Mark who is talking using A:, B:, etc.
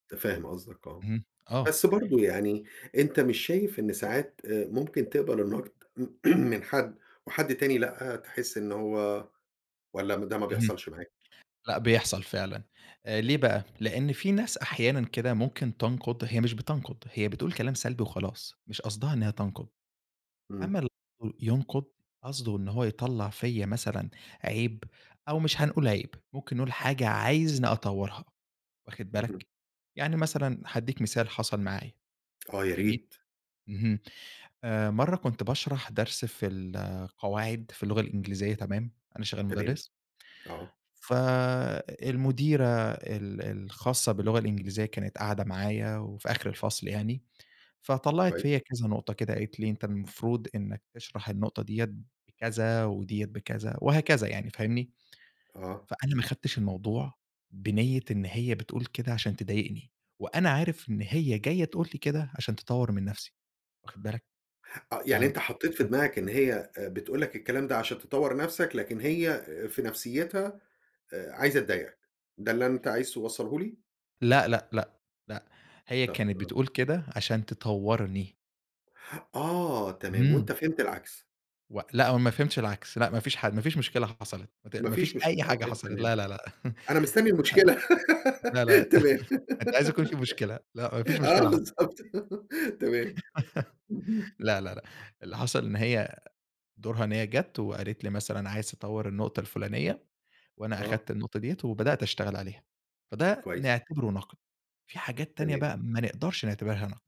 A: متفهّم قصدَك آه،
B: اهم، آه.
A: بس برضه يعني أنت مش شايف إن ساعات آآ، ممكن تقبل النقد من حد وحد تاني لأ، تحس إن هو والّا ده ما
B: اهم.
A: بيحصلش معاك؟
B: لأ، بيحصل فعلًا. ليه بقى؟ لأن في ناس أحيانًا كده ممكن تنقُد، هي مش بتنقُد هي بتقول كلام سلبي وخلاص مش قصدها إنها تنقُد، أمّا
A: إمم.
B: ال [unintelligible] ينقُد قصده إن هو يطلَّع فيّا مثلًا عيب أو مش هنقول عيب ممكن نقول حاجة عايزني أطورها، واخد
A: اهم.
B: بالَك؟ يعني مثلًا هادِّيك مثال حصل معايا،
A: آه،
B: جميل.
A: ياريت.
B: اهم، آآ، مرة كنت باشرح درس في القواعد في اللغة الإنجليزية تمام، أنا شغّال
A: تمام،
B: مُدرِّس
A: آه.
B: فالمديرة ال الخاصّة باللغة الإنجليزية كانت قاعدة معايا، وفي آخر الفصل يعني. فطلّعت
A: كويس.
B: فيّا كذا نقطة كده قالت لي أنت المفروض إنَّك تشرح النقطة ديّة بكذا وديّة بكذا وهكذا يعني فاهمني،
A: آه.
B: فأنا ما أخدتش الموضوع بنية إن هي بتقول كده علشان تضايقني، وأنا عارف إن هي جايّة تقول لي كده علشان تطوّر من نفْسي، واخد بالَك؟
A: آه،
B: ف
A: يعني أنت حطيت في
B: [unintelligible]
A: دماغَك إن هي آآ بتقول لَك الكلام ده علشان تطوّر نفْسَك لكن هي في نفسيتها آآ، عايزة تضايقك. ده اللي أنت عايز توصلهُ لي؟
B: لأ لأ، لأ، لأ، هي
A: طَب
B: كانت
A: آه.
B: بتقول كده علشان تطوّرني.
A: آه، تمام
B: اهم.
A: وأنت فهمت العكس.
B: و لأ، هو ما فهمتش العكس. لأ، ما فيش حا ما فيش مشكلة حصلِت مت
A: ما
B: ما فيش
A: فيش مشكلة،
B: أي حاجة
A: أوكي،
B: حصلِت.
A: تمام،
B: لا لا لأ،
A: أنا مستني
B: ما فيش حاجة.
A: المشكلة
B: لا لأ،
A: تمام.
B: أنت عايز يكون فيه مشكلة، لأ، ما فيش
A: آه،
B: مشكلة حصلِت.
A: بالضبط. تمام، اهم.
B: لا لا لأ، اللي حصل إن هي دورها إن هي جَات وقالت لي مثلًا عايز تطوّر النقطة الفلانية، وأنا
A: آه.
B: أخدت النقطة ديَّة وبدأت أشتغل عليها. فده
A: كويس.
B: نعتبره نقد، في حاجات تانية
A: تمام.
B: بقى ما نقدرش نعتبرها نقد.